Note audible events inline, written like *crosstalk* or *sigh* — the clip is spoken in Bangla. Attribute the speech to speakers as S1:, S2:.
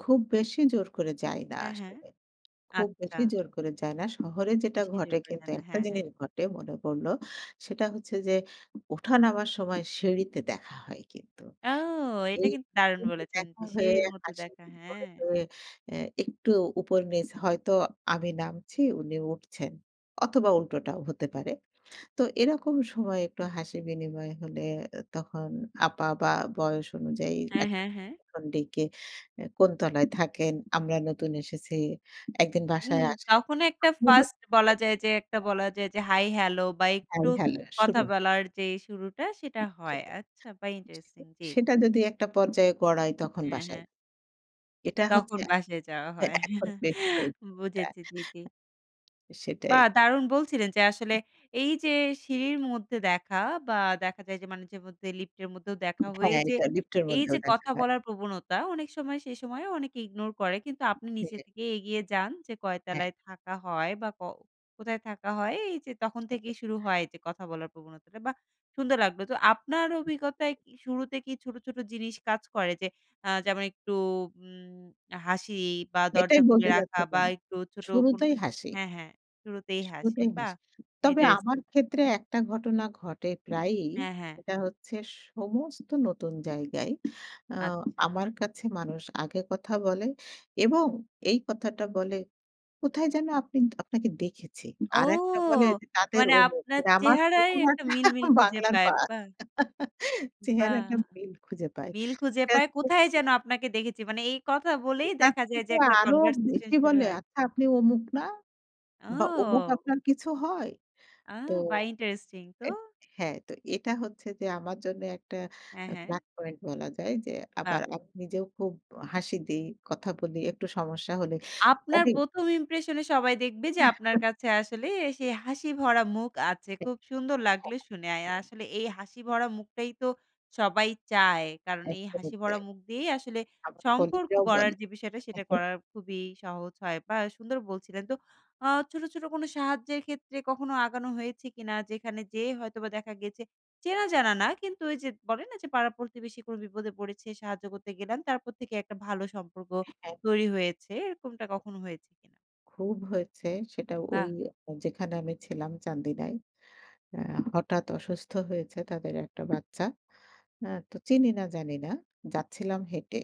S1: খুব বেশি জোর করে যায় না
S2: হ্যাঁ, হ্যাঁ।
S1: আসলে, খুব
S2: আচ্ছা।
S1: বেশি জোর করে যায় না। শহরে যেটা
S2: বেশি জোর
S1: ঘটে
S2: করে
S1: কিন্তু
S2: যান না।
S1: একটা
S2: হ্যাঁ, হ্যাঁ।
S1: জিনিস ঘটে মনে পড়ল। সেটা হচ্ছে যে, উঠা নামার সময় সিঁড়িতে দেখা হয় কিন্তু।
S2: আও এটা
S1: এই
S2: কিন্তু দারুণ
S1: *unintelligible*
S2: বলেছেন যে
S1: দেখা হয়ে
S2: সিঁড়ির মধ্য
S1: হাসি
S2: দেখা।
S1: *unintelligible*
S2: হ্যাঁ।
S1: হয়ে এ্যা একটু উপর নীচ, হয়তো আমি নামছি উনি উঠছেন। অথবা উল্টোটাও হতে পারে। তো এরকম সময়ে একটু হাসি বিনিময় হলে এ্যা তখন আপা বা বয়স অনুযায়ী
S2: হ্যাঁ,
S1: এক *unintelligible*
S2: হ্যাঁ, হ্যাঁ
S1: ডেকে এ্যা "কোন তলায় থাকেন, আমরা নতুন এসেছি। একদিন
S2: উম
S1: বাসায় আসেন।"
S2: তখনো একটা 1st বলা যায় যে, একটা বলা
S1: *unintelligible*
S2: যায় যে হাই, হ্যালো বা একটু
S1: হ্যাঁ, হ্যালো।
S2: কথা
S1: শুরু।
S2: বলার যে শুরুটা, সেটা হয়। আচ্ছা, বাহ! ইন্টারেস্টিং।
S1: *unintelligible*
S2: জি।
S1: সেটা যদি একটা পর্যায়ে গড়ায় তখন
S2: হ্যাঁ,
S1: বাসায়।
S2: হ্যাঁ।
S1: এটা হচ্ছে
S2: তখন
S1: এক
S2: বাসায় যাওয়া
S1: হ্যাঁ,
S2: হয়।
S1: এখন
S2: *chuckles*
S1: বেশি হয়েছে
S2: বুঝেছি। জি, জি।
S1: *unintelligible* সেটাই।
S2: বাহ! দারুণ বলছিলেন যে আসলে এইযে সিঁড়ির মধ্যে দেখা বা দেখা যায় যে মাঝেমধ্যে লিফটের মধ্যেও দেখা হয়ে
S1: হ্যাঁ,
S2: যে,
S1: এটা লিফটের
S2: এইযে
S1: মধ্যেও দেখা
S2: কথা
S1: যায়।
S2: বলার প্রবণতা অনেক সময় সেসময়েও অনেকে ignore করে। কিন্তু আপনি নিজে
S1: হ্যাঁ।
S2: থেকেই এগিয়ে যান। "যে কয়
S1: হ্যাঁ।
S2: তলায় থাকা হয়? বা ক কোথায় থাকা হয়?" এইযে তখন
S1: *chuckles*
S2: থেকেই শুরু হয় যে কথা বলার প্রবণতাটা, বাহ! সুন্দর লাগলো। তো আপনার অভিজ্ঞতায় কি শুরুতে কি ছোট, ছোট, জিনিস কাজ করে? যে, আ যেমন একটু উম হাসি বা দরজা
S1: এটাই
S2: খুলে
S1: বলতে যাচ্ছ
S2: রাখা বা
S1: কেন?
S2: একটু ছোট কোন
S1: শুরুতেই হাসি।
S2: হ্যাঁ, হ্যাঁ, শুরুতেই হাসি,
S1: শুরুতেই
S2: বাহ!
S1: হাসি। তবে আমার
S2: ইন্টারেস্টিং।
S1: ক্ষেত্রে একটা ঘটনা ঘটে প্রায়ই।
S2: হ্যাঁ, হ্যাঁ।
S1: সেটা হচ্ছে সমস্ত নতুন জায়গায় আ
S2: আচ্ছা।
S1: আমার কাছে মানুষ আগে কথা বলে এবং এই কথাটা বলে, "কোথায় যেন আপনি আপনাকে দেখেছি।"
S2: ও!
S1: আরেকটা বলে যে, "তাদের
S2: মানে
S1: অমুক।"
S2: আপনার
S1: আমার
S2: চেহারায় একটা
S1: চেহারাটা
S2: মিল,
S1: *chuckles*
S2: মিল, খুঁজে
S1: বাংলার
S2: পায়।
S1: পা
S2: বাহ!
S1: *chuckles*
S2: বাহ!
S1: চেহারাটা মিল খুঁজে পায়।
S2: মিল খুঁজে পায়,
S1: *unintelligible*
S2: "কোথায় যেন আপনাকে দেখেছি।" মানে এই কথা বলেই
S1: এটার
S2: দেখা যায় যে
S1: থেকে
S2: একটা
S1: আরো
S2: conversation
S1: বেশি
S2: শুরু
S1: বলে,
S2: হয়।
S1: "আচ্ছা আপনি অমুক না? বা, অমুক
S2: ও!
S1: আপনার কিছু হয়?"
S2: আ
S1: তো
S2: বাহ! ইন্টারেস্টিং তো!
S1: এ হ্যাঁ, তো এটা হচ্ছে যে আমার জন্য একটা
S2: হ্যাঁ,
S1: আ
S2: হ্যাঁ।
S1: black point বলা যায় যে, আবার
S2: বাহ!
S1: আপ নিজেও খুব হাসি দেই, কথা বলি একটু সমস্যা হলে
S2: আপনার
S1: *unintelligible*
S2: ১ম impression এ সবাই দেখবে যে আপনার
S1: *chuckles*
S2: কাছে আসলে এসে হাসি ভরা মুখ আছে।
S1: ঠিক,
S2: খুব সুন্দর লাগলে শুনে। আয়
S1: হ্যাঁ।
S2: আসলে এই হাসি ভরা মুখটাই তো সবাই চায়। কারণ এই
S1: একদমই
S2: হাসি ভরা
S1: তাই।
S2: মুখ দিয়েই আসলে
S1: আমার
S2: সম্পর্ক
S1: কলিগরাও
S2: গড়ার
S1: বলে।
S2: যে বিষয়টা সেটা
S1: *chuckles*
S2: করার খুবই সহজ হয়। বাহ! এ সুন্দর বলছিলেন। তো আ ছোট, ছোট, কোন সাহায্যের ক্ষেত্রে কখনো আগানো হয়েছে কিনা? যেখানে যেয়ে হয়তোবা দেখা গেছে চেনা জানা না। কিন্তু ওইযে বলেন না যে, পাড়া-প্রতিবেশী কোন বিপদে পড়েছে, সাহায্য করতে গেলাম। তারপর থেকে একটা ভালো সম্পর্ক
S1: হ্যাঁ।
S2: তৈরি হয়েছে। এরকমটা কখনো হয়েছে কিনা?
S1: খুব হয়েছে। সেটা
S2: বাহ!
S1: ওই যেখানে আমি ছিলাম চান্দিনায়। অ্যা হঠাৎ অসুস্থ হয়েছে তাদের একটা বাচ্চা। আ তো চিনি না জানি না। যাচ্ছিলাম হেঁটে।